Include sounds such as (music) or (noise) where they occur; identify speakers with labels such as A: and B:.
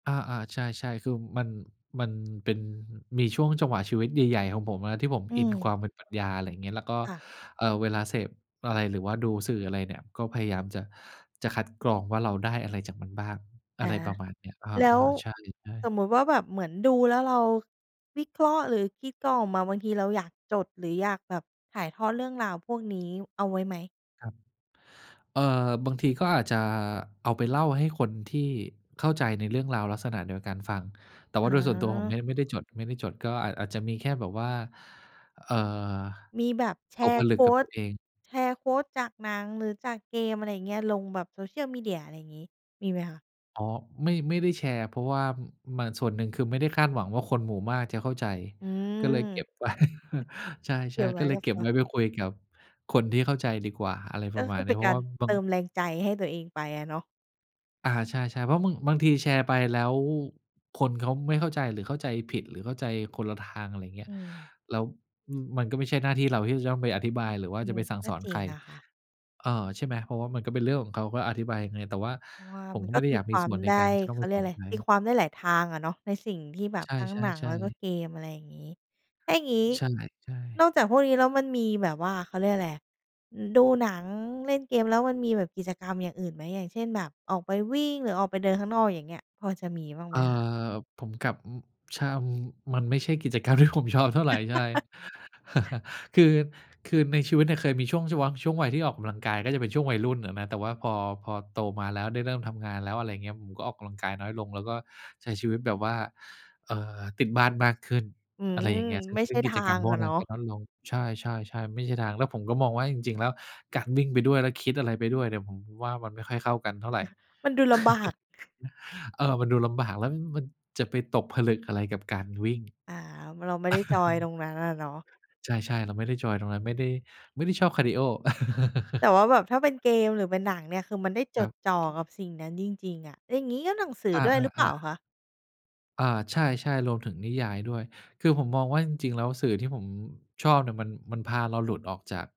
A: อา ๆ ใช่ ๆ คือมัน มันเป็น มีช่วงจังหวะชีวิตใหญ่ ๆ ของผมอะ ที่ผม
B: อื
A: อินคว
B: ม
A: ามเป็นปรัชญา อะไรอย่างเงี้ย แล้วก็
B: ค่ะ
A: เอ่อ เวลาเสพอะไร หรือว่าดูสื่ออะไรเนี่ย ก็พยายามจะ จะคัดกรองว่า เราได้อะไรจากมันบ้าง
B: อ
A: อะ
B: า
A: ไรประมาณนี้
B: แล้
A: อา
B: ว
A: ๆ ใช่
B: ส
A: ๆ
B: มมุติว่าแบบเหมือนดูแล้วเราวิเคราะห์ หรือคิดกรองออกมา บางทีเราอยากจด หรืออยากแบบถ่ายทอดเรื่องราวพวกนี้เอาไว้ไหม?
A: ครับ เอ่อ บางทีก็อาจจะเอาไปเล่าให้คนที่เข้าใจในเรื่องราวลักษณะเดียวกันฟัง แต่ว
B: อ
A: ่า
B: ๋
A: โดยส่วนตัวผมเ
B: อ
A: นี่ยไม่ได้จด ไม่ได้จด ก็อาจ อาจจะมีแค่แบบว่า เอ่อ
B: มีแบบแช
A: ตก
B: ร
A: ผ
B: ์
A: ล
B: โ
A: ึ
B: ค
A: ก
B: ว
A: กับต
B: ต
A: ัวเอง
B: แชร์ โควต จากหนัง หรือจากเกม อะไรอย่างเงี้ย ลงแบบ social media อะไรอย่างงี้ มีไหมคะ?
A: อ๋อ ไม่ ไม่ได้แชร์ เพราะว่า ม มัน ส่วนหนึ่งคือไม่ได้คาดหวังว่า คนหมู่มากจะเข้าใจ
B: อืม
A: ก็เลยเก็บ ไว้ (chuckles) ใช
B: อ เก
A: ่
B: ็บ
A: ๆ
B: ไ
A: ก
B: ว
A: ็
B: ้
A: เล
B: ก
A: ย
B: ับ
A: เก็
B: ต
A: บ
B: ั
A: ไ
B: ว
A: ว้ไปคุยกับคนที่เข้าใจดีกว่า อะไรป
B: ก็
A: ระ
B: ค
A: มา
B: ื
A: ณ
B: อ
A: น
B: เ
A: ี
B: ป
A: ้
B: ็น
A: เพร
B: ก
A: า
B: า
A: ะ
B: ร
A: ว่าบ
B: เ
A: า
B: ต
A: ง
B: ิมแรงใจให้ตัวเองไปอะเนาะ
A: อา ใช่ ๆ เพราะบาง บางทีแชร์ไปแล้วคนเขาไม่เข้าใจ หรือเข้าใจผิด หรือเข้าใจคนละทาง อะไรอย่างเงี้
B: อื
A: ย
B: ม
A: แล้ว ม มันก็ไม่ใช่หน้าที่เราที่จะต้องไปอธิบาย หรือว่า
B: อื
A: จะ
B: ม
A: ไปสั่ง
B: ก็
A: สอน
B: จริ
A: ใค
B: ง
A: ร
B: นะคะ
A: เอ่อ ใช่ไหม เพราะว่ามันก็เป็นเรื่องของเขา ก็อธิบายยังไง แต่ว่า
B: เพราะว่า
A: ผ
B: ม
A: ม
B: ัน
A: ก็
B: ก
A: ไม
B: ็
A: ่ได้
B: ต
A: อ
B: ี
A: ยาก
B: ค
A: มี
B: วา
A: ส
B: ม
A: ่วนใน
B: ได
A: ก
B: ้
A: ารจะต้
B: เ
A: อ
B: ข
A: งไป
B: าเรี
A: ส
B: ยก
A: อ
B: อ
A: น
B: ะไร
A: ใค
B: ตี
A: ร
B: ความได้หลายทางอะเนาะ ในสิ่งที่แบ
A: ใ
B: บ
A: ช
B: ทั้งหนัง แ
A: ่
B: ล้วก็
A: ๆ ๆ
B: เกม อะไรอย่างงี้ ถ้าอย่างงี้
A: ใช่ ใช
B: น
A: ่
B: อกจากพวกนี้แล้วมันมีแบบว่า เขาเรียกอะไรอะ อ ดูหนัง เล่นเกม แล้วมันมีแบบกิจกรรมอย่างอื่นไหม อย่างเช่นแบบออกไปวิ่ง หรือออกไปเดินข้างนอก อย่างเงี้ย พอจะมีบ้าง
A: เ
B: ไ
A: อ
B: หม
A: ่
B: คะ?
A: อ ผมกลับ ช่ำ มันไม่ใช่กิจกรรมที่ ผม ชอบเท่าไร ใช่
B: (laughs)
A: (chuckles) คือ คือในชีวิตเนี่ยเคยมีช่วงชูวัง ช่วงวัยที่ออกกำลังกาย ก็จะเป็นช่วงวัยรุ่นอะนะ แต่ว่าพอ พอโตมาแล้ว ได้เริ่มทำงานแล้ว อะไรอย่างเงี้ย ผมก็ออกกำลังกายน้อยลง แล้วก็ใช้ชีวิตแบบว่า เอ่อ ติดบ้านมากขึ้น
B: อื
A: อะ
B: ม
A: ไรอย่างเงี้ย ซึ่ง
B: ไม่ใ
A: ซ
B: ช
A: ึ่
B: ่
A: งก
B: ท
A: ิจ
B: า
A: กรร
B: ง
A: มพว
B: อ
A: ก
B: ะเ
A: น
B: น
A: ั้
B: า
A: นก
B: ะ
A: ็น้อยลง ใช่ ๆ ๆ ไม่ใช่ทาง แล้วผมก็มองว่า จริง ๆ แล้วการวิ่งไปด้วย แล้วคิดอะไรไปด้วยเนี่ย ผมว่ามันไม่ค่อยเข้ากันเท่าไร
B: มันดูลำบาก (chuckles)
A: (chuckles) เออ มันดูลำบาก แล้ววิ่งมัน จะไปตกผลึกอะไรกับการวิ่ง
B: อา เราไม่ได้จอยตรงนั้นอะเนาะ
A: (chuckles) ใช่ ๆ เราไม่ได้จอยตรงนั้น ไม่ได้ ไม่ได้ชอบคาร์ดีโอ
B: แต่
A: (chuckles)
B: ว่าแบบถ้าเป็นเกมหรือเป็นหนังเนี่ย คือมันได้
A: ค
B: จ
A: รั
B: ดจ่อ
A: บ
B: กับสิ่งนั้นจริง ๆ อะ อย่างงี้ก็หนังสือ
A: อ
B: ด้วยหรือเปล่
A: า
B: า
A: ๆ ๆ
B: คะ?
A: อา ใช่ ๆ รวมถึงนิยายด้วย คือผมมองว่า จริง ๆ แล้วสื่อที่ผมชอบเนี่ยมัน มันพาเราหลุดออกจาก